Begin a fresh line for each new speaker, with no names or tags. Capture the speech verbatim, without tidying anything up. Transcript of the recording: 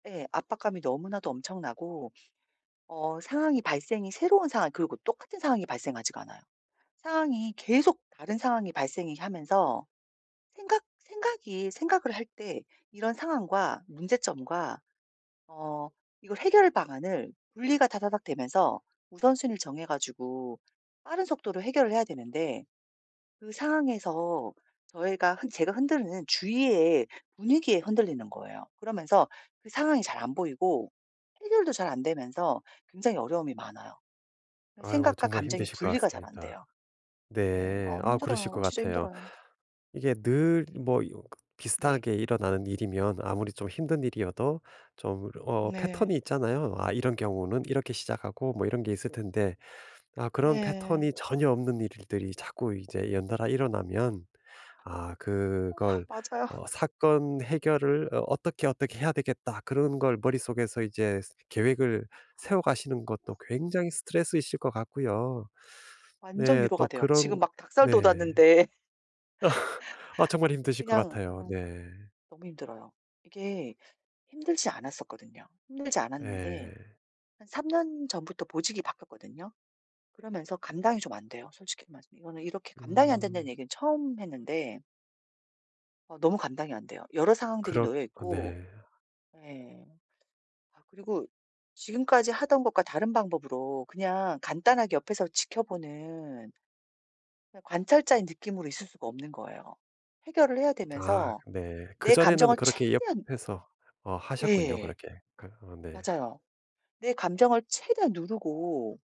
네. 압박감이 너무나도 엄청나고 어 상황이 발생이 새로운 상황 그리고 똑같은 상황이 발생하지가 않아요. 상황이 계속 다른 상황이 발생이 하면서 생각 생각이 생각을 할 때 이런 상황과 문제점과 어 이거 해결 방안을 분리가 다다닥 되면서 우선순위를 정해 가지고 빠른 속도로 해결을 해야 되는데 그 상황에서 저희가 한 제가 흔들리는 주위에 분위기에 흔들리는 거예요. 그러면서 그 상황이 잘 안 보이고 해결도 잘 안 되면서 굉장히 어려움이 많아요. 아
아이고
생각과
정말
감정이
힘드실 것
분리가 잘 안
같습니다.
돼요. 네.
네.
어
아 그러실
힘들어요.
것
진짜
같애요.
힘들어요.
이게 늘 뭐 이거
네.
비슷하게 일어나는 일이면 아무리 좀 힘든 일이어도 좀 어
네.
패턴이 있잖아요. '아 이런 경우는 이렇게 시작하고.' 뭐 이런 게 있을 텐데. 아 그런
네.
패턴이 전혀 없는 일들이 자꾸 이제 연달아 일어나면 아
어
그걸
맞아요.
어 '사건 해결을 어 어떻게 어떻게 해야 되겠다.' 그런 걸 머릿속에서 이제 계획을 세워가시는 것도 굉장히 스트레스이실 것 같고요.
완전
네.
위로가
또
돼요. 지금
그런
막 닭살
네.
돋았는데
아 정말 힘드실 것
그냥
같아요.
음
네.
너무 힘들어요. 이게 힘들지 않았었거든요. 힘들지 않았는데
네.
한 삼 년 전부터 보직이 바뀌었거든요. 그러면서 감당이 좀 안돼요 솔직히 말해서. 이거는 이렇게 감당이 안 된다는
음.
얘기는 처음 했는데 어 너무 감당이 안 돼요. 여러 상황들이
그렇 그
놓여있고.
네.
예. 아 그리고 지금까지 하던 것과 다른 방법으로 그냥 간단하게 옆에서 지켜보는 그냥 관찰자의 느낌으로 있을 수가 없는 거예요. 해결을 해야
아
되면서
네.
내
그전에는
감정을
그렇게
최대한
옆에서 어 하셨군요
예.
그렇게. 그 어 네.
맞아요. 내 감정을 최대한 누르고